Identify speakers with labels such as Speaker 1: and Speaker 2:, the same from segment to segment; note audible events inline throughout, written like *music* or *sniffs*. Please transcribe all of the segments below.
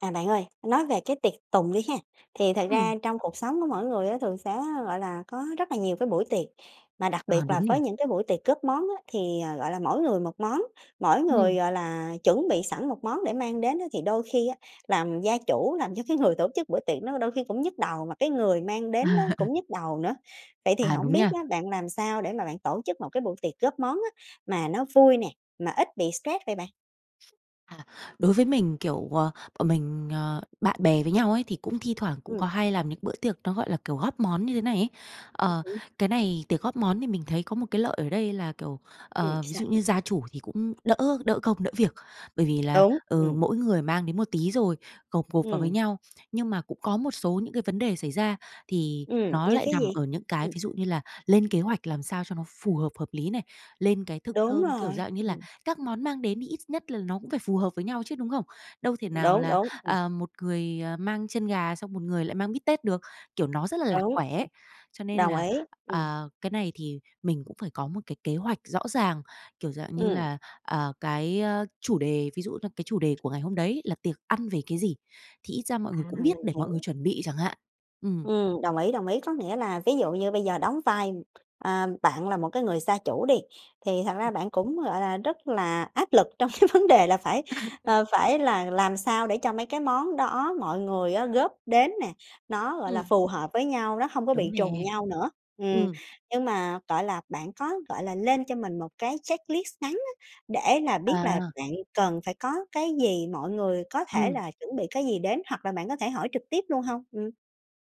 Speaker 1: À, bạn ơi, nói về cái tiệc tùng đi ha. Thì thật
Speaker 2: Ừm.
Speaker 1: ra trong cuộc sống của mỗi người á thường sẽ, gọi là, có rất là nhiều cái buổi tiệc. Mà đặc
Speaker 2: À,
Speaker 1: biệt
Speaker 2: đúng
Speaker 1: là
Speaker 2: nhỉ?
Speaker 1: với những cái buổi tiệc góp món á, thì, ờ, gọi là, mỗi người một món, mỗi người,
Speaker 2: Ừm.
Speaker 1: gọi là, chuẩn bị sẵn một món để mang đến á thì đôi khi á làm gia chủ làm cho cái người tổ chức buổi tiệc nó đôi khi cũng nhức đầu, mà cái người mang đến đó
Speaker 2: À. *laughs*
Speaker 1: cũng nhức đầu nữa. Vậy thì
Speaker 2: À,
Speaker 1: hổng
Speaker 2: đúng
Speaker 1: biết
Speaker 2: nha.
Speaker 1: á, bạn làm sao để mà bạn tổ chức một cái buổi tiệc góp món á, mà nó vui nè, mà ít bị stress vậy bạn?
Speaker 2: À, đối với mình, kiểu, ờ, bọn mình, ờ, bạn bè với nhau ấy thì cũng thi thoảng cũng
Speaker 1: Ừm.
Speaker 2: có hay làm những bữa tiệc nó, gọi là, kiểu, góp món như thế này ấy. Ờ,
Speaker 1: *unintelligible*
Speaker 2: cái này tiệc góp món thì mình thấy có một cái lợi ở đây là, kiểu,
Speaker 1: Ừm,
Speaker 2: ờ, ví
Speaker 1: sao?
Speaker 2: dụ như gia chủ thì cũng đỡ đỡ công, đỡ việc. Bởi vì là,
Speaker 1: Đúng,
Speaker 2: ừ,
Speaker 1: ừm.
Speaker 2: mỗi người mang đến một tí, rồi gộp gộp vào với
Speaker 1: Ừm.
Speaker 2: nhau. Nhưng mà cũng có một số những cái vấn đề xảy ra thì
Speaker 1: Ừm,
Speaker 2: nó
Speaker 1: như
Speaker 2: lại
Speaker 1: cái
Speaker 2: nằm
Speaker 1: gì?
Speaker 2: ở những cái,
Speaker 1: Ừm.
Speaker 2: ví dụ như là lên kế hoạch làm sao cho nó phù hợp, hợp lý này, lên cái thực
Speaker 1: Đúng
Speaker 2: đơn, kiểu,
Speaker 1: rồi,
Speaker 2: dạng như là
Speaker 1: ừm.
Speaker 2: các món mang đến thì ít nhất là nó cũng phải phù hợp với nhau chứ, đúng không? Đâu có thể nào
Speaker 1: Đúng,
Speaker 2: là,
Speaker 1: đúng. Ừm.
Speaker 2: ờ, một người, ờ, mang chân gà, xong một người lại mang bít tết được, kiểu, nó rất là lạc
Speaker 1: Đúng.
Speaker 2: quẻ ấy. Cho nên
Speaker 1: Đồng
Speaker 2: là,
Speaker 1: ý, ừm.
Speaker 2: à, cái này thì mình cũng phải có một cái kế hoạch rõ ràng, kiểu, dạng như
Speaker 1: Ừm.
Speaker 2: là, à, cái, ơ, chủ đề, ví dụ là cái chủ đề của ngày hôm đấy là tiệc ăn về cái gì, thì ít ra mọi
Speaker 1: À,
Speaker 2: người cũng
Speaker 1: mình
Speaker 2: biết để mọi người
Speaker 1: hiểu.
Speaker 2: chuẩn bị chẳng hạn. Ừm.
Speaker 1: Ừm, đồng ý, đồng ý. Có nghĩa là ví dụ như bây giờ đóng vai, a, bạn là một cái người gia chủ đi, thì thật ra bạn cũng, gọi là, rất là áp lực trong *chuckles* cái vấn đề là phải ờ, phải là làm sao để cho mấy cái món đó mọi người á góp đến nè, nó, gọi là,
Speaker 2: Ừm.
Speaker 1: phù hợp với nhau, nó hông có
Speaker 2: Đúng
Speaker 1: bị trùng
Speaker 2: nè.
Speaker 1: nhau nữa. Ừm,
Speaker 2: Ừm.
Speaker 1: nhưng mà toại là bạn có, gọi là, lên cho mình một cái checklist ngắn á, để là biết là
Speaker 2: À.
Speaker 1: bạn cần phải có cái gì, mọi người có thể
Speaker 2: Ừm.
Speaker 1: là chuẩn bị cái gì đến, hoặc là bạn có thể hỏi trực tiếp luôn hông? Ừm.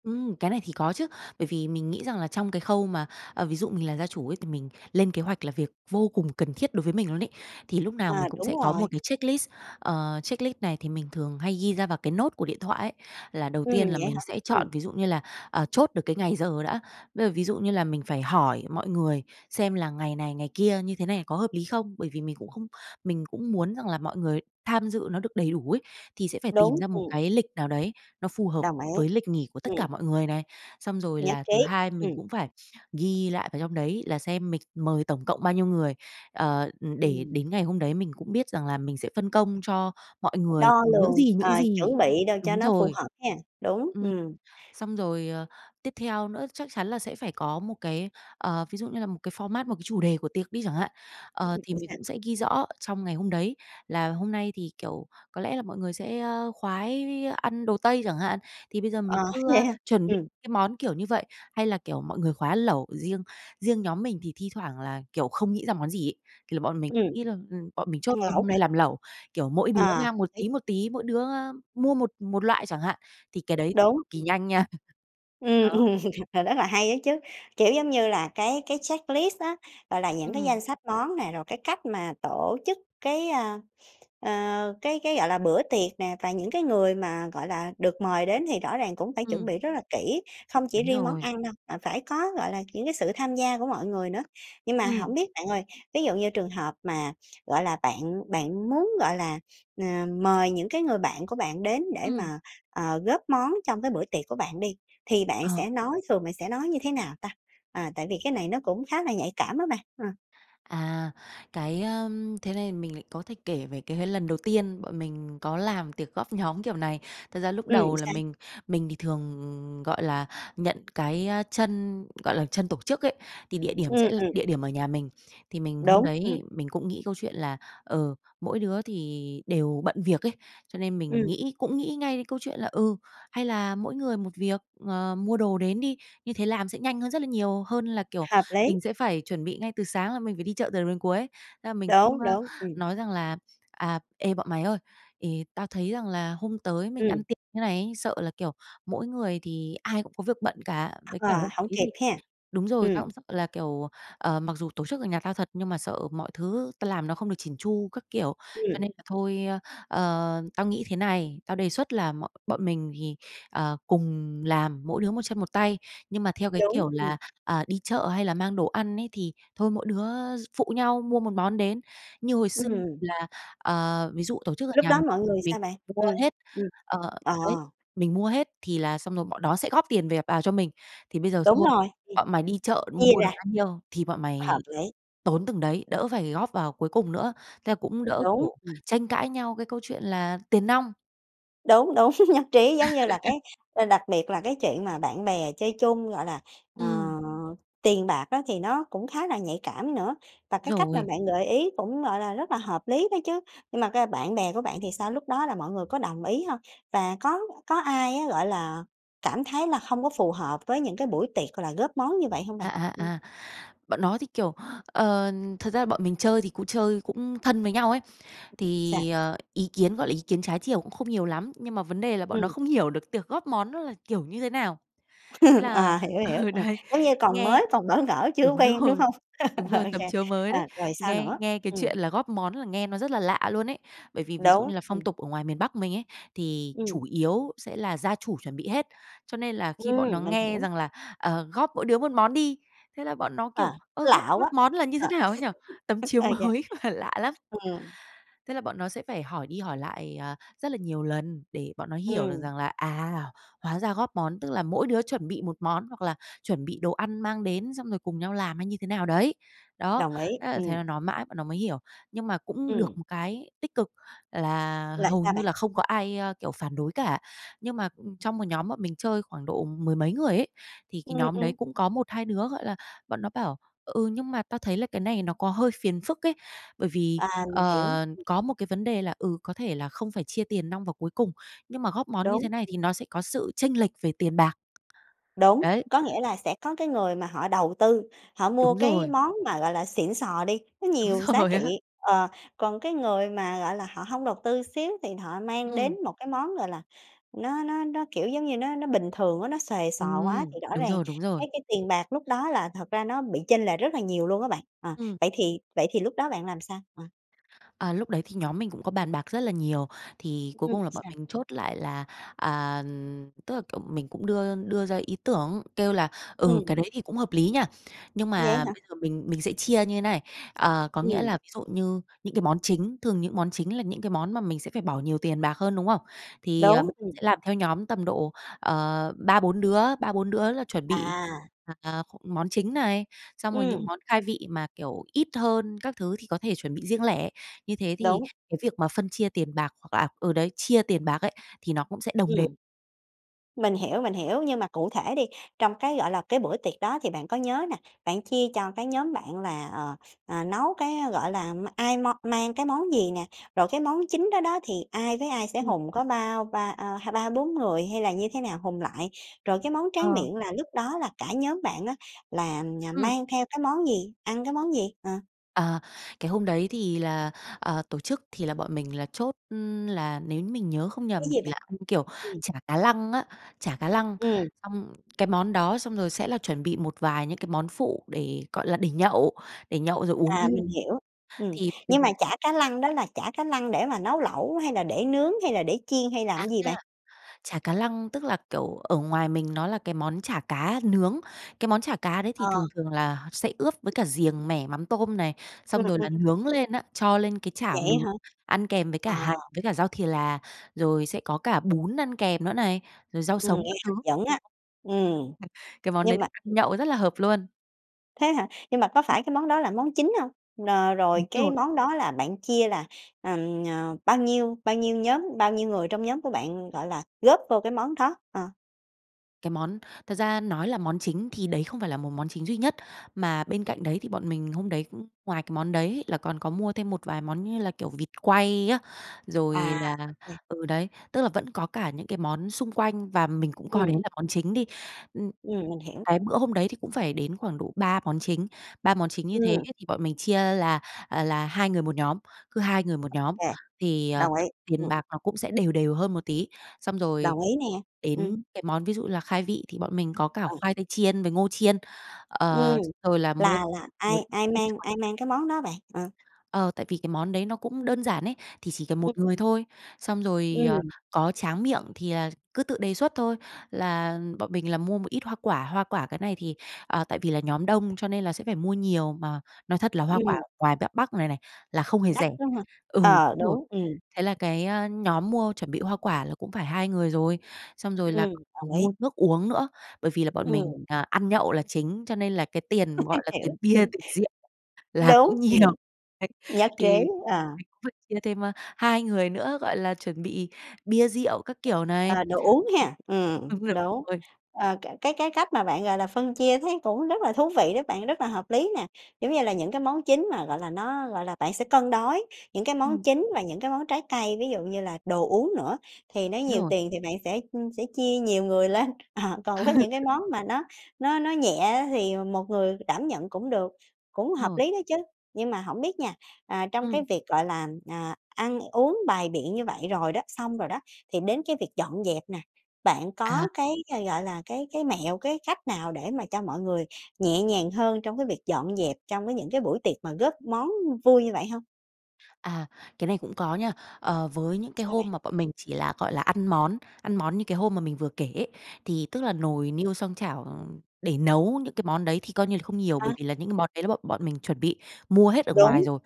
Speaker 2: Ừm, cái này thì có chứ, bởi vì mình nghĩ rằng là trong cái khâu mà, ờ, ví dụ mình là gia chủ ấy thì mình lên kế hoạch là việc vô cùng cần thiết đối với mình luôn ấy. Thì lúc nào
Speaker 1: À,
Speaker 2: mình cũng
Speaker 1: đúng
Speaker 2: sẽ có một
Speaker 1: rồi.
Speaker 2: cái checklist, ờ, checklist này thì mình thường hay ghi ra vào cái note của điện thoại ấy, là đầu
Speaker 1: Ừm,
Speaker 2: tiên là
Speaker 1: vậy
Speaker 2: mình
Speaker 1: hả?
Speaker 2: sẽ chọn
Speaker 1: Ừm.
Speaker 2: ví dụ như là, ờ, chốt được cái ngày giờ đã, bây giờ ví dụ như là mình phải hỏi mọi người xem là ngày này, ngày kia như thế này có hợp lý không? Bởi vì mình cũng không mình cũng muốn rằng là mọi người tham dự nó được đầy đủ ấy, thì sẽ phải tìm
Speaker 1: Đúng,
Speaker 2: ra một
Speaker 1: ừm.
Speaker 2: cái lịch nào đấy nó phù hợp
Speaker 1: Đồng ý.
Speaker 2: với lịch nghỉ của tất cả
Speaker 1: Ừm.
Speaker 2: mọi người này. Xong rồi
Speaker 1: Nhất
Speaker 2: là thứ
Speaker 1: trí.
Speaker 2: hai mình
Speaker 1: Ừm.
Speaker 2: cũng phải ghi lại vào trong đấy là xem mình mời tổng cộng bao nhiêu người, ờ, ừm, để
Speaker 1: Ừm.
Speaker 2: đến ngày hôm đấy mình cũng biết rằng là mình sẽ phân công cho mọi
Speaker 1: Phải
Speaker 2: người,
Speaker 1: đo
Speaker 2: ừm, những
Speaker 1: lường,
Speaker 2: gì, những
Speaker 1: ờ,
Speaker 2: gì
Speaker 1: chuẩn bị đồ cho
Speaker 2: đúng
Speaker 1: nó phù
Speaker 2: rồi.
Speaker 1: hợp ha, đúng,
Speaker 2: Ừm,
Speaker 1: ừm.
Speaker 2: xong rồi, ờ, tiếp theo nữa chắc chắn là sẽ phải có một cái, ờ, ví dụ như là một cái format, một cái chủ đề của tiệc đi chẳng hạn.
Speaker 1: Ưm,
Speaker 2: Ờ,
Speaker 1: ừm,
Speaker 2: thì
Speaker 1: ừm,
Speaker 2: mình
Speaker 1: sao?
Speaker 2: cũng sẽ ghi rõ ở trong ngày hôm đấy là hôm nay thì, kiểu, có lẽ là mọi người sẽ, ơ, khoái ăn đồ Tây chẳng hạn, thì bây giờ mình
Speaker 1: Ờ,
Speaker 2: cứ, a,
Speaker 1: vậy hả?
Speaker 2: chuẩn bị
Speaker 1: Ừm.
Speaker 2: cái món, kiểu như vậy, hay là, kiểu, mọi người khoái lẩu riêng. Riêng nhóm mình thì thi thoảng là, kiểu, không nghĩ ra món gì ấy, thì là bọn mình
Speaker 1: Ừm.
Speaker 2: nghĩ là ừm, bọn mình
Speaker 1: Ăn
Speaker 2: chốt luôn
Speaker 1: lẩu
Speaker 2: hôm nay
Speaker 1: hả?
Speaker 2: làm lẩu, kiểu, mỗi đứa
Speaker 1: À, hợp
Speaker 2: mang một
Speaker 1: lý.
Speaker 2: tí, một tí, mỗi đứa, a, mua một một loại chẳng hạn, thì cái đấy
Speaker 1: Đúng,
Speaker 2: cực kỳ
Speaker 1: ừm.
Speaker 2: nhanh nha, *chuckles*
Speaker 1: Ừm,
Speaker 2: ờ.
Speaker 1: ừm, ờ, rất là hay á chứ. Kiểu, giống như là, cái cái checklist á, gọi là, những cái danh
Speaker 2: Ừm.
Speaker 1: sách món nè, rồi cái cách mà tổ chức cái, ơ, ơ, cái cái, gọi là, bữa tiệc nè và những cái người mà, gọi là, được mời đến thì rõ ràng cũng phải chuẩn
Speaker 2: Ừm.
Speaker 1: bị rất là kỹ, không chỉ
Speaker 2: Đúng
Speaker 1: riêng món
Speaker 2: rồi.
Speaker 1: ăn đâu mà phải có, gọi là, những cái sự tham gia của mọi người nữa. Nhưng mà hổng
Speaker 2: Ừm.
Speaker 1: biết bạn ơi, ví dụ như trường hợp mà, gọi là, bạn bạn muốn, gọi là, ờ, mời những cái người bạn của bạn đến để
Speaker 2: Ừm.
Speaker 1: mà, ờ, góp món trong cái bữa tiệc của bạn đi thì bạn
Speaker 2: Ờ.
Speaker 1: sẽ nói thường bạn sẽ nói như thế nào ta? À, tại vì cái này nó cũng khá là nhạy cảm á bạn, ừm.
Speaker 2: À, cái, ơm, thế này mình lại có thể kể về cái cái lần đầu tiên bọn mình có làm tiệc góp nhóm kiểu này. Thật ra lúc
Speaker 1: Ừm,
Speaker 2: đầu là
Speaker 1: sao?
Speaker 2: mình mình thì thường, gọi là, nhận cái, ơ, chân, gọi là, chân tổ chức ấy, thì địa điểm sẽ
Speaker 1: Ừm,
Speaker 2: là
Speaker 1: ừm.
Speaker 2: địa điểm ở nhà mình. Thì mình hôm
Speaker 1: Đúng, ừm.
Speaker 2: đấy mình cũng nghĩ câu chuyện là, ờ, mỗi đứa thì đều bận việc ấy, cho nên mình
Speaker 1: Ừm.
Speaker 2: nghĩ cũng nghĩ ngay đến câu chuyện là, ừ, hay là mỗi người một việc, ờ, mua đồ đến đi, như thế làm sẽ nhanh hơn rất là nhiều hơn là, kiểu,
Speaker 1: Hợp lý!
Speaker 2: mình sẽ phải chuẩn bị ngay từ sáng là mình phải đi chợ từ đầu đến cuối. Thế là mình
Speaker 1: Đúng,
Speaker 2: cũng, a,
Speaker 1: đúng, ừm.
Speaker 2: nói rằng là "À, ê, bọn mày ơi, thì tao thấy rằng là hôm tới mình
Speaker 1: Ừm.
Speaker 2: ăn tiệc như thế này ấy sợ là, kiểu, mỗi người thì ai cũng có việc bận cả, với cả
Speaker 1: Ờ,
Speaker 2: hôm
Speaker 1: hổng
Speaker 2: đấy
Speaker 1: kịp
Speaker 2: thì
Speaker 1: ha.
Speaker 2: đúng rồi, tao
Speaker 1: Ừm.
Speaker 2: cũng sợ là, kiểu, ờ, mặc dù tổ chức ở nhà tao thật nhưng mà sợ mọi thứ tao làm nó không được chỉn chu, các kiểu. Cho
Speaker 1: Ừm.
Speaker 2: nên là thôi, ơ, ờ, tao nghĩ thế này, tao đề xuất là mọi bọn mình thì, ờ, cùng làm, mỗi đứa một chân một tay, nhưng mà, theo cái
Speaker 1: Đúng,
Speaker 2: kiểu,
Speaker 1: ừm.
Speaker 2: là, à, đi chợ hay là mang đồ ăn ấy thì thôi mỗi đứa phụ nhau mua một món đến." Như hồi xưa
Speaker 1: Ừm.
Speaker 2: là, ờ, ví dụ tổ chức ở
Speaker 1: Lúc
Speaker 2: nhà
Speaker 1: đó
Speaker 2: mình,
Speaker 1: mọi người
Speaker 2: mình
Speaker 1: sao bạn?
Speaker 2: mua
Speaker 1: Ừm,
Speaker 2: hết,
Speaker 1: ừm.
Speaker 2: ờ,
Speaker 1: Ờ.
Speaker 2: đấy mình mua hết thì là xong rồi bọn đó sẽ góp tiền về vào cho mình, "Thì bây giờ
Speaker 1: Đúng
Speaker 2: thôi
Speaker 1: rồi, thì
Speaker 2: bọn mày đi chợ mua
Speaker 1: chia
Speaker 2: mua được
Speaker 1: ra.
Speaker 2: bao nhiêu thì bọn
Speaker 1: Hợp
Speaker 2: mày
Speaker 1: lý!
Speaker 2: tốn từng đấy, đỡ phải góp vào cuối cùng nữa." Thế là cũng đỡ,
Speaker 1: Đúng,
Speaker 2: kiểu,
Speaker 1: ừm.
Speaker 2: tranh cãi nhau cái câu chuyện là tiền nong.
Speaker 1: Đúng, đúng, *chuckles* nhất trí. Giống như là
Speaker 2: *laughs*
Speaker 1: cái đặc biệt là cái chuyện mà bạn bè chơi chung, gọi là, ờ,
Speaker 2: Ừm.
Speaker 1: tiền bạc á, thì nó cũng khá là nhạy cảm nữa và cái cách mà
Speaker 2: Rồi.
Speaker 1: bạn gợi ý cũng, gọi là, rất là hợp lý đó chứ. Nhưng mà cơ bạn bè của bạn thì sao, lúc đó là mọi người có đồng ý hông? Và có có ai á, gọi là, cảm thấy là không có phù hợp với những cái buổi tiệc, gọi là, góp món như vậy hông
Speaker 2: À,
Speaker 1: bạn?
Speaker 2: à,
Speaker 1: Ừm.
Speaker 2: à. Bọn nó thì, kiểu, ờ, thật ra bọn mình chơi thì cũng chơi cũng thân với nhau ấy,
Speaker 1: Sao?
Speaker 2: thì, ờ, ý kiến, gọi là, ý kiến trái chiều cũng không nhiều lắm. Nhưng mà vấn đề là bọn nó
Speaker 1: Ừm.
Speaker 2: không hiểu được tiệc góp món nó là kiểu như thế nào. Thế
Speaker 1: *chuckles*
Speaker 2: là
Speaker 1: Ờ, hiểu, hiểu.
Speaker 2: ừ,
Speaker 1: Ờ,
Speaker 2: đấy.
Speaker 1: giống như còn
Speaker 2: Nghe
Speaker 1: mới, còn bỡ ngỡ chưa có
Speaker 2: đúng
Speaker 1: quen, đúng
Speaker 2: rồi,
Speaker 1: hông?
Speaker 2: đúng
Speaker 1: *chuckles*
Speaker 2: rồi,
Speaker 1: Ô
Speaker 2: tấm
Speaker 1: kê,
Speaker 2: chiếu mới
Speaker 1: ờ,
Speaker 2: đấy.
Speaker 1: rồi sao
Speaker 2: Nghe
Speaker 1: nữa,
Speaker 2: nghe cái
Speaker 1: ừm.
Speaker 2: chuyện là góp món là nghe nó rất là lạ luôn ấy. Bởi vì ví dụ
Speaker 1: Đúng,
Speaker 2: như là phong
Speaker 1: ừm.
Speaker 2: tục ở ngoài miền Bắc mình ấy, thì
Speaker 1: Ừm.
Speaker 2: chủ yếu sẽ là gia chủ chuẩn bị hết. Cho nên là khi bọn nó
Speaker 1: Ừm, mình
Speaker 2: nghe
Speaker 1: hiểu.
Speaker 2: rằng là, "Ờ, góp mỗi đứa một món đi" hế là bọn nó,
Speaker 1: Ờ,
Speaker 2: kiểu "Ơ,
Speaker 1: nó
Speaker 2: góp
Speaker 1: lạ
Speaker 2: góp
Speaker 1: quá,
Speaker 2: món là như thế
Speaker 1: ờ,
Speaker 2: nào ấy nhỉ?" Tấm
Speaker 1: *laughs*
Speaker 2: chiếu
Speaker 1: ơ, yeah,
Speaker 2: mới mà lạ lắm.
Speaker 1: ừm.
Speaker 2: Thế là bọn nó sẽ phải hỏi đi hỏi lại, à, rất là nhiều lần để bọn nó hiểu được
Speaker 1: Ừm.
Speaker 2: rằng là, à, hóa ra góp món tức là mỗi đứa chuẩn bị một món hoặc là chuẩn bị đồ ăn mang đến, xong rồi cùng nhau làm hay như thế nào đấy. Đó,
Speaker 1: Đồng ý,
Speaker 2: thế là thế
Speaker 1: ừm.
Speaker 2: là nói mãi bọn nó mới hiểu. Nhưng mà cũng được
Speaker 1: Ừm.
Speaker 2: một cái tích cực là
Speaker 1: Là
Speaker 2: hầu
Speaker 1: sao
Speaker 2: như
Speaker 1: bạn?
Speaker 2: là không có ai, ơ, kiểu, phản đối cả. Nhưng mà trong một nhóm bọn mình chơi khoảng độ mười mấy người ấy, thì cái
Speaker 1: Ừm,
Speaker 2: nhóm đấy
Speaker 1: ừm.
Speaker 2: cũng có 1, 2 đứa, gọi là, bọn nó bảo "Ừ, nhưng mà tao thấy là cái này nó có hơi phiền phức ấy. Bởi vì,
Speaker 1: À, mình hiểu.
Speaker 2: ờ,
Speaker 1: Ừm.
Speaker 2: có một cái vấn đề là, ừ, có thể là không phải chia tiền nong vào cuối cùng, nhưng mà góp món như
Speaker 1: Đúng.
Speaker 2: thế này thì
Speaker 1: Ừm.
Speaker 2: nó sẽ có sự chênh lệch về tiền bạc".
Speaker 1: Đúng.
Speaker 2: Đấy.
Speaker 1: Có nghĩa là sẽ có cái người mà họ đầu tư họ mua
Speaker 2: Đúng
Speaker 1: cái
Speaker 2: rồi.
Speaker 1: món mà, gọi là, xịn xò đi, nó nhiều
Speaker 2: Đúng
Speaker 1: giá
Speaker 2: rồi
Speaker 1: trị,
Speaker 2: á.
Speaker 1: ờ, còn cái người mà, gọi là, họ hông đầu tư xíu, thì họ mang đến
Speaker 2: Ừm.
Speaker 1: một cái món, gọi là, nó nó nó, kiểu giống như, nó nó bình thường á, nó xuề xoà quá,
Speaker 2: Ừm,
Speaker 1: thì rõ
Speaker 2: đúng
Speaker 1: ràng
Speaker 2: rồi, đúng rồi.
Speaker 1: cái cái tiền bạc lúc đó là thật ra nó bị chênh lệch rất là nhiều luôn á bạn, ờ,
Speaker 2: Ừm.
Speaker 1: vậy thì vậy thì lúc đó bạn làm sao? Ờ.
Speaker 2: À, lúc đấy thì nhóm mình cũng có bàn bạc rất là nhiều. Thì
Speaker 1: Ừm,
Speaker 2: cuối
Speaker 1: ừm,
Speaker 2: cùng là bọn
Speaker 1: sao?
Speaker 2: mình chốt lại là, à, tức là, kiểu, mình cũng đưa đưa ra ý tưởng, kêu là, ừ, cái
Speaker 1: Ừm.
Speaker 2: đấy thì cũng hợp lý nha. Nhưng
Speaker 1: Vậy
Speaker 2: mà
Speaker 1: hả?
Speaker 2: bây giờ mình mình sẽ chia như thế này, ờ, có nghĩa
Speaker 1: Ừm.
Speaker 2: là ví dụ như những cái món chính thường những món chính là những cái món mà mình sẽ phải bỏ nhiều tiền bạc hơn, đúng không? Thì, ờ, b
Speaker 1: Đúng, ừm.
Speaker 2: sẽ làm theo nhóm tầm độ, ờ, 3, 4 đứa, 3, 4 đứa là chuẩn bị,
Speaker 1: À.
Speaker 2: à, *unintelligible* món chính này, xong rồi những
Speaker 1: Ừm.
Speaker 2: món khai vị mà, kiểu, ít hơn các thứ thì có thể chuẩn bị riêng lẻ. Như thế thì
Speaker 1: Đúng.
Speaker 2: cái việc
Speaker 1: *unintelligible*
Speaker 2: mà phân chia tiền bạc, hoặc là ừ, đấy, chia tiền bạc ấy, thì nó cũng sẽ đồng đều.
Speaker 1: Ừm. Mình hiểu, mình hiểu. Nhưng mà cụ thể đi, trong cái, gọi là, cái bữa tiệc đó thì bạn có nhớ nè, bạn chia cho cái nhóm bạn là, ờ, ờ, nấu cái, gọi là, ai mo mang cái món gì nè, rồi cái món chính đó đó thì ai với ai sẽ
Speaker 2: Ừm
Speaker 1: hùn, có bao ba ơ, ha ba, 4 người hay là như thế nào hùn lại? Rồi cái món tráng
Speaker 2: Ờ.
Speaker 1: miệng là lúc đó là cả nhóm bạn á là nh
Speaker 2: Ừm.
Speaker 1: mang theo cái món gì? Ăn cái món gì? Ờ.
Speaker 2: À, cái hôm đấy thì là, ờ, tổ chức thì là bọn mình là chốt, ưm, là nếu mình nhớ không
Speaker 1: Cái
Speaker 2: nhầm
Speaker 1: gì
Speaker 2: thì
Speaker 1: bạn?
Speaker 2: là ăn, kiểu,
Speaker 1: Ừm.
Speaker 2: chả cá lăng á, chả cá lăng.
Speaker 1: Ừm.
Speaker 2: Xong cái món đó xong rồi sẽ là chuẩn bị một vài những cái món phụ để, gọi là, để nhậu để nhậu rồi uống bia.
Speaker 1: À, mình hiểu, ừm.
Speaker 2: Thì mình
Speaker 1: Nhưng
Speaker 2: cũng
Speaker 1: mà chả cá lăng đó là chả cá lăng để mà nấu lẩu, hay là để nướng, hay là để chiên, hay làm
Speaker 2: À,
Speaker 1: cái gì bạn?
Speaker 2: chả cá lăng tức là, kiểu, ở ngoài mình nó là cái món chả cá nướng. Cái món chả cá đấy thì
Speaker 1: Ờ.
Speaker 2: thường thường là sẽ ướp với cả riềng mẻ mắm tôm này,
Speaker 1: Ừm,
Speaker 2: xong rồi
Speaker 1: ừm,
Speaker 2: là
Speaker 1: mình
Speaker 2: nướng
Speaker 1: hiểu.
Speaker 2: lên á, cho lên cái
Speaker 1: Vậy
Speaker 2: chảo
Speaker 1: á
Speaker 2: nướng,
Speaker 1: hả?
Speaker 2: ăn kèm với cả
Speaker 1: Ờ!
Speaker 2: hành với cả rau thì là, rồi sẽ có cả bún ăn kèm nữa này, rồi rau
Speaker 1: Ừm,
Speaker 2: sống
Speaker 1: nghe
Speaker 2: các thứ.
Speaker 1: hấp dẫn á. Ừm,
Speaker 2: *chuckles* Cái món đấy
Speaker 1: nhưng
Speaker 2: thì
Speaker 1: mà
Speaker 2: ăn nhậu rất là hợp luôn.
Speaker 1: Thế hả? Nhưng mà có
Speaker 2: Ừm.
Speaker 1: phải cái món đó là món chính hông? Nờ
Speaker 2: Đúng
Speaker 1: rồi cái
Speaker 2: rồi.
Speaker 1: món đó là bạn chia là, ừm, ờ, bao nhiêu bao nhiêu nhóm bao nhiêu người trong nhóm của bạn, gọi là, góp vô cái món đó? Ờ.
Speaker 2: Cái món thật ra nói là món chính thì đấy không phải là một món chính duy nhất, mà bên cạnh đấy thì bọn mình hôm đấy cũng ngoài cái món đấy ấy là còn có mua thêm một vài món như là, kiểu, vịt quay á, rồi
Speaker 1: À,
Speaker 2: là
Speaker 1: ô kê.
Speaker 2: ừ, đấy, tức là vẫn có cả những cái món xung quanh và mình cũng coi đấy
Speaker 1: Ừm.
Speaker 2: là món chính đi. Ưm,
Speaker 1: Ừm, mình hiểu.
Speaker 2: cái bữa hôm đấy thì cũng phải đến khoảng độ 3 món chính, 3 món chính như thế ấy
Speaker 1: Ừm!
Speaker 2: thì bọn mình chia là là 2 người một nhóm, cứ 2 người một
Speaker 1: Ô
Speaker 2: nhóm
Speaker 1: kê,
Speaker 2: thì, ờ,
Speaker 1: đồng ý.
Speaker 2: tiền
Speaker 1: Ừm.
Speaker 2: bạc nó cũng sẽ đều đều hơn một tí. Xong rồi
Speaker 1: Đồng ý nè, ừm.
Speaker 2: đến cái món ví dụ như là khai vị thì bọn mình có cả
Speaker 1: Ừ.
Speaker 2: khoai tây chiên với ngô chiên,
Speaker 1: Ừm,
Speaker 2: ờ, rồi là mua
Speaker 1: là là
Speaker 2: một
Speaker 1: ai
Speaker 2: ít
Speaker 1: ai
Speaker 2: dưa
Speaker 1: mang
Speaker 2: chuột.
Speaker 1: ai mang cái món đó bạn? Ờ.
Speaker 2: Ờ, tại vì cái món đấy nó cũng đơn giản ấy, thì chỉ cần một
Speaker 1: Ừm.
Speaker 2: người thôi. Xong rồi, ờ,
Speaker 1: Ừm.
Speaker 2: có tráng miệng thì, à, cứ tự đề xuất thôi, là bọn mình là mua một ít hoa quả hoa quả cái này thì à, tại vì là nhóm đông cho nên là sẽ phải mua nhiều, mà nói thật là hoa quả
Speaker 1: Ừm.
Speaker 2: ngoài b Bắc này này là không hề
Speaker 1: Đắt
Speaker 2: rẻ.
Speaker 1: lắm hả?
Speaker 2: Ừ, đúng
Speaker 1: Ờ,
Speaker 2: rồi.
Speaker 1: đúng, ừm.
Speaker 2: Thế là cái nhóm mua chuẩn bị hoa quả là cũng phải 2 người rồi, xong rồi là
Speaker 1: Ừm, đồng
Speaker 2: còn mua
Speaker 1: ý!
Speaker 2: nước uống nữa, bởi vì là bọn mình,
Speaker 1: Ừm.
Speaker 2: à, ăn nhậu là chính, cho nên là cái tiền, gọi
Speaker 1: *chuckles*
Speaker 2: là,
Speaker 1: Hiểu,
Speaker 2: tiền bia,
Speaker 1: ừm!
Speaker 2: tiền rượu là cũng
Speaker 1: Đúng,
Speaker 2: nhiều.
Speaker 1: ừm,
Speaker 2: Đấy,
Speaker 1: nhất trí!
Speaker 2: thì
Speaker 1: Ờ.
Speaker 2: mình cũng phải chia thêm, ơ, 2 người nữa, gọi là, chuẩn bị bia rượu các kiểu này.
Speaker 1: Ờ, đồ uống ha, ừm,
Speaker 2: *unintelligible*
Speaker 1: đúng.
Speaker 2: rồi.
Speaker 1: Ờ, cái cái cách mà bạn, gọi là, phân chia thấy cũng rất là thú vị đấy bạn, rất là hợp lý nè, kiểu như là, những cái món chính mà, gọi là, nó gọi là, bạn sẽ cân đối những cái món
Speaker 2: Ừm.
Speaker 1: chính và những cái món trái cây ví dụ như là đồ uống nữa, thì nó nhiều
Speaker 2: Rồi.
Speaker 1: tiền thì bạn sẽ, ưm, sẽ chia nhiều người lên. Ờ, còn với những cái
Speaker 2: *laughs*
Speaker 1: món mà nó nó nó nhẹ á thì một người đảm nhận cũng được, cũng hợp
Speaker 2: Rồi.
Speaker 1: lý đó chứ. Nhưng mà hổng biết nha, à, trong cái
Speaker 2: Ừm.
Speaker 1: việc, gọi là, ờ, ăn uống bày biện như vậy rồi đó, xong rồi đó thì đến cái việc dọn dẹp nè, bạn
Speaker 2: À.
Speaker 1: có cái, gọi là, cái cái mẹo cái cách nào để mà cho mọi người nhẹ nhàng hơn trong cái việc dọn dẹp trong cái những cái buổi tiệc mà góp món vui như vậy hông?
Speaker 2: À, cái này cũng có nha. Ờ, với những cái
Speaker 1: Sao bạn?
Speaker 2: hôm mà bọn mình chỉ là, gọi là, ăn món, ăn món như cái hôm mà mình vừa kể ấy. Thì tức là nồi, niêu, xoong, chảo để nấu những cái món đấy thì coi như là không nhiều,
Speaker 1: À.
Speaker 2: bởi vì là những cái món đấy là bọn bọn mình chuẩn bị mua hết ở ngoài
Speaker 1: Đúng.
Speaker 2: rồi.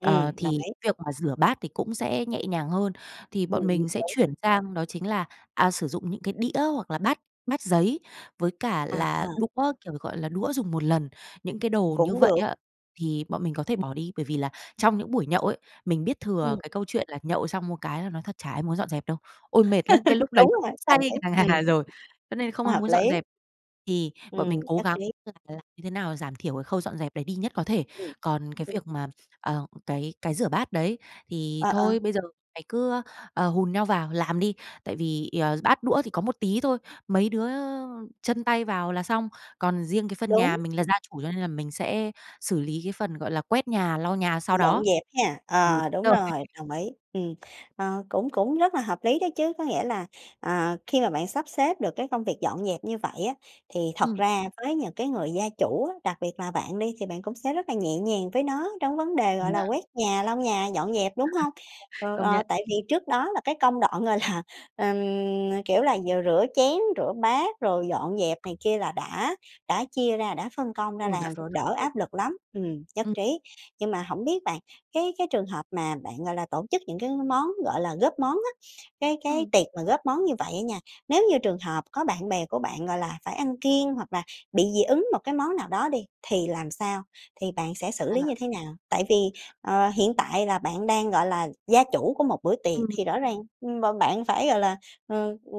Speaker 2: Ờ,
Speaker 1: đồng
Speaker 2: thì
Speaker 1: ý.
Speaker 2: việc mà rửa bát thì cũng sẽ nhẹ nhàng hơn. Thì bọn mình
Speaker 1: *unintelligible*
Speaker 2: sẽ
Speaker 1: đúng.
Speaker 2: chuyển sang đó chính là, à, sử dụng những cái đĩa hoặc là bát bát giấy với cả
Speaker 1: À.
Speaker 2: là đũa, kiểu, gọi là, đũa dùng một lần, những cái đồ như
Speaker 1: Cũng
Speaker 2: vậy
Speaker 1: được.
Speaker 2: á, thì bọn mình có thể bỏ đi. Bởi vì là trong những buổi nhậu ấy, mình biết thừa
Speaker 1: Ừm.
Speaker 2: cái câu chuyện là nhậu xong một cái là nói thật chả ai muốn dọn dẹp đâu. Ôi, mệt lắm, cái
Speaker 1: *laughs*
Speaker 2: lúc đấy
Speaker 1: Đúng rồi,
Speaker 2: say
Speaker 1: đồng ý,
Speaker 2: ngà
Speaker 1: ừm.
Speaker 2: ngà rồi, cho nên không ai
Speaker 1: Hợp
Speaker 2: muốn dọn
Speaker 1: lý.
Speaker 2: dẹp. Thì bọn mình
Speaker 1: Ừm,
Speaker 2: cố
Speaker 1: nhất
Speaker 2: gắng
Speaker 1: trí.
Speaker 2: là làm như thế nào giảm thiểu cái khâu dọn dẹp đấy đi nhất có thể.
Speaker 1: Ừm,
Speaker 2: Còn cái
Speaker 1: ừ.
Speaker 2: việc mà, ờ, cái cái rửa bát đấy, thì
Speaker 1: À, ờ.
Speaker 2: thôi bây giờ mày cứ, ờ, hùn nhau vào làm đi, tại vì, ờ, bát đũa thì có một tí thôi, mấy đứa chân tay vào là xong. Còn riêng cái phần nhà,
Speaker 1: Đúng.
Speaker 2: mình là gia chủ cho nên là mình sẽ xử lý cái phần, gọi là, quét nhà, lau nhà sau
Speaker 1: Dọn
Speaker 2: đó.
Speaker 1: dẹp ha,
Speaker 2: Ừ,
Speaker 1: ờ, đúng
Speaker 2: rồi.
Speaker 1: rồi,
Speaker 2: *laughs*
Speaker 1: đồng ý, ừ. Ờ, cũng cũng rất là hợp lý đó chứ, có nghĩa là, ờ, khi mà bạn sắp xếp được cái công việc dọn dẹp như vậy á, thì thật
Speaker 2: Ừm.
Speaker 1: ra với những cái người gia chủ á, đặc biệt là bạn đi, thì bạn cũng sẽ rất là nhẹ nhàng với nó trong vấn đề, gọi là,
Speaker 2: Yeah.
Speaker 1: quét nhà, lau nhà, dọn dẹp, đúng hông?
Speaker 2: *laughs*
Speaker 1: Ờ,
Speaker 2: Công
Speaker 1: ờ,
Speaker 2: nhận.
Speaker 1: tại vì trước đó là cái công đoạn, gọi là, ờm, ờ, kiểu, là vừa rửa chén, rửa bát, rồi dọn dẹp này kia là đã đã chia ra, đã phân công ra
Speaker 2: Ừ, đã
Speaker 1: làm
Speaker 2: phân
Speaker 1: rồi,
Speaker 2: công
Speaker 1: đỡ
Speaker 2: rồi.
Speaker 1: áp lực lắm, ừm, nhất
Speaker 2: Ừm.
Speaker 1: trí. Nhưng mà hổng biết bạn, cái cái trường hợp mà bạn, gọi là, tổ chức những cái món, gọi là, góp món á, cái cái
Speaker 2: Ừm.
Speaker 1: tiệc mà góp món như vậy á nha, nếu như trường hợp có bạn bè của bạn, gọi là, phải ăn kiêng hoặc là bị dị ứng một cái món nào đó đi, thì làm sao, thì bạn sẽ xử
Speaker 2: À.
Speaker 1: lý như thế nào? Tại vì, ờ, hiện tại là bạn đang, gọi là, gia chủ của một bữa tiệc
Speaker 2: Ừm.
Speaker 1: thì rõ ràng, mà bạn phải, gọi là, ờ, ừ,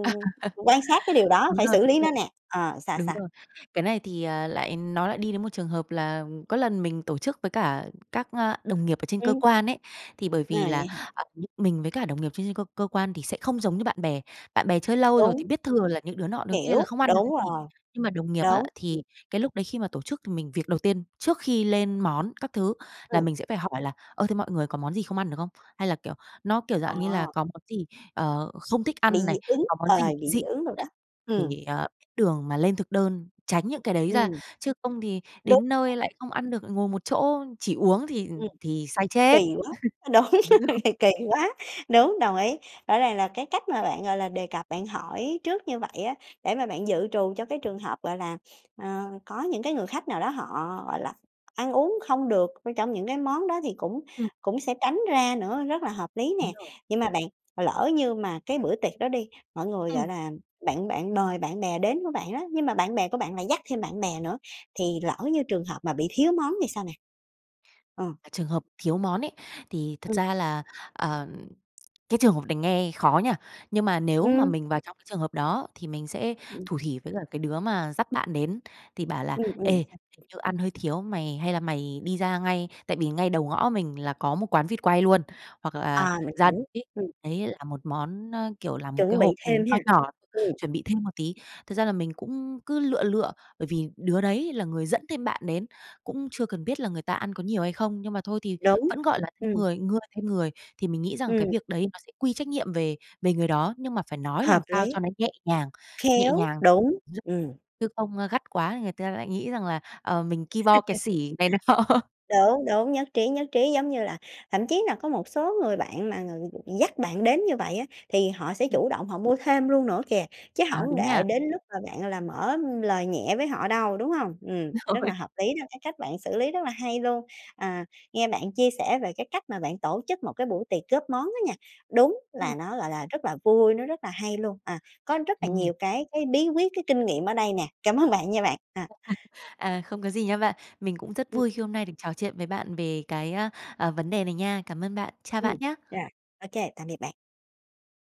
Speaker 1: quan sát cái điều
Speaker 2: *laughs*
Speaker 1: đó,
Speaker 2: Đúng
Speaker 1: phải
Speaker 2: rồi,
Speaker 1: xử
Speaker 2: đúng
Speaker 1: lý nó
Speaker 2: rồi.
Speaker 1: nè. Ờ, sao,
Speaker 2: Đúng
Speaker 1: sao?
Speaker 2: rồi, cái này thì, à, lại nó lại đi đến một trường hợp là có lần mình tổ chức với cả các, ơ, đồng nghiệp ở trên cơ
Speaker 1: Ừm.
Speaker 2: quan ấy. Thì bởi
Speaker 1: À,
Speaker 2: vì là,
Speaker 1: vậy hả?
Speaker 2: à, *unintelligible* mình với cả đồng nghiệp trên trên cơ cơ quan thì sẽ không giống như bạn bè. Bạn bè chơi lâu rồi thì
Speaker 1: Đúng.
Speaker 2: biết thừa là những đứa nọ, đứa kia là
Speaker 1: Hiểu,
Speaker 2: không ăn được
Speaker 1: đúng
Speaker 2: cái gì,
Speaker 1: rồi.
Speaker 2: nhưng mà đồng nghiệp á,
Speaker 1: Đúng. Ừm.
Speaker 2: thì cái lúc đấy khi mà tổ chức thì mình việc đầu tiên, trước khi lên món các thứ, là
Speaker 1: Ừ.
Speaker 2: mình sẽ phải hỏi là "Ơ, thế mọi người có món gì không ăn được không?" Hay là, kiểu, nó, kiểu, dạng như là
Speaker 1: À.
Speaker 2: có món gì, ờ, không thích
Speaker 1: Bị
Speaker 2: ăn này,
Speaker 1: dị ứng,
Speaker 2: có món
Speaker 1: ờ,
Speaker 2: gì
Speaker 1: bị
Speaker 2: dị
Speaker 1: dị ứng
Speaker 2: ứng
Speaker 1: đồ đó.
Speaker 2: này,
Speaker 1: Ừ.
Speaker 2: thì, ờ, biết đường mà lên thực đơn, tránh những cái đấy ra.
Speaker 1: Ừm.
Speaker 2: Chứ không thì
Speaker 1: Đúng
Speaker 2: đến nơi
Speaker 1: *unintelligible*
Speaker 2: lại không ăn được, lại ngồi một chỗ, chỉ uống thì
Speaker 1: Ừm.
Speaker 2: thì say chết.
Speaker 1: Kỳ quá, ơ, đúng,
Speaker 2: *laughs* Đúng rồi.
Speaker 1: *laughs* kỳ quá, đúng, đồng ý. Rõ ràng là cái cách mà bạn, gọi là, đề cập bạn hỏi trước như vậy á, để mà bạn dự trù cho cái trường hợp, gọi là, *sniffs* ờ, có những cái người khách nào đó họ, gọi là, ăn uống không được, trong những cái món đó thì cũng
Speaker 2: Ừ.
Speaker 1: cũng sẽ tránh ra nữa, rất là hợp lý
Speaker 2: Đúng
Speaker 1: nè.
Speaker 2: rồi.
Speaker 1: Nhưng mà bạn, lỡ như mà cái bữa tiệc đó đi, mọi người, gọi
Speaker 2: Ừm.
Speaker 1: là, bạn bạn mời bạn bè đến của bạn đó, nhưng mà bạn bè của bạn lại dắt thêm bạn bè nữa, thì lỡ như trường hợp mà bị thiếu món thì sao nè? Ờ.
Speaker 2: À, trường hợp thiếu món ấy, thì thật
Speaker 1: Ừ.
Speaker 2: ra là, ờ cái trường hợp này nghe khó nhỉ. Nhưng mà nếu mà
Speaker 1: Ừm.
Speaker 2: mình vào trong cái trường hợp đó thì mình sẽ
Speaker 1: Ừm.
Speaker 2: thủ thỉ với cả cái đứa mà dắt bạn đến, thì bảo là
Speaker 1: Ừ,
Speaker 2: "Ê,
Speaker 1: ừm, sao?
Speaker 2: hình như ăn hơi thiếu, mày hay là mày đi ra ngay" tại vì ngay đầu ngõ mình là có một quán vịt quay luôn, hoặc là
Speaker 1: À, mình
Speaker 2: ra
Speaker 1: hiểu,
Speaker 2: tít
Speaker 1: ừm.
Speaker 2: đấy là một món, ơ, kiểu, là một cái
Speaker 1: Chuẩn bị
Speaker 2: hộp, ừm,
Speaker 1: thêm
Speaker 2: nho
Speaker 1: ha.
Speaker 2: nhỏ,
Speaker 1: Ừm.
Speaker 2: chuẩn bị thêm một tí. Thật ra là mình cũng cứ lựa lựa, bởi vì đứa đấy là người dẫn thêm bạn đến, cũng chưa cần biết là người ta ăn có nhiều hay không? Nhưng mà thôi thì
Speaker 1: Đúng,
Speaker 2: vẫn, gọi là, thêm
Speaker 1: ừm.
Speaker 2: người ngưa thêm người, thì mình nghĩ rằng cái
Speaker 1: Ừm.
Speaker 2: việc đấy nó sẽ quy trách nhiệm về về người đó, nhưng mà phải nói
Speaker 1: Hợp
Speaker 2: làm sao
Speaker 1: lý.
Speaker 2: cho nó nhẹ nhàng, nhẹ
Speaker 1: Khéo,
Speaker 2: nhàng,
Speaker 1: đúng,
Speaker 2: *unintelligible*
Speaker 1: ừm.
Speaker 2: chứ không, a, gắt quá thì người ta lại nghĩ rằng là, ờ, mình ki bo kẹt
Speaker 1: *laughs*
Speaker 2: xỉ này nọ.
Speaker 1: Đúng, đúng, nhất trí, nhất trí, giống như là thậm chí là có một số người bạn mà người dắt bạn đến như vậy á, thì họ sẽ
Speaker 2: Ừ.
Speaker 1: chủ động họ mua thêm luôn nữa kìa, chứ
Speaker 2: À,
Speaker 1: hổng
Speaker 2: đúng
Speaker 1: để
Speaker 2: nha.
Speaker 1: đến lúc mà bạn là mở lời nhẹ với họ đâu, đúng hông? Ừm, rất
Speaker 2: Rồi.
Speaker 1: là hợp lý đó, cái cách bạn xử lý rất là hay luôn, à, nghe bạn chia sẻ về cái cách mà bạn tổ chức một cái buổi tiệc góp món á nha, đúng
Speaker 2: Ừm.
Speaker 1: là nó, gọi là, rất là vui, nó rất là hay luôn, à, có rất là
Speaker 2: Ừm.
Speaker 1: nhiều cái cái bí quyết, cái kinh nghiệm ở đây nè. Cảm ơn bạn nha
Speaker 2: À,
Speaker 1: bạn, à.
Speaker 2: à, không có gì nha bạn. Mình cũng rất
Speaker 1: Ừm.
Speaker 2: vui khi hôm nay được trò chuyện với bạn về cái, ơ, à, vấn đề này nha. Cảm ơn bạn, chào
Speaker 1: Ừm,
Speaker 2: bạn nhá.
Speaker 1: rồi, ô kê, tạm biệt bạn.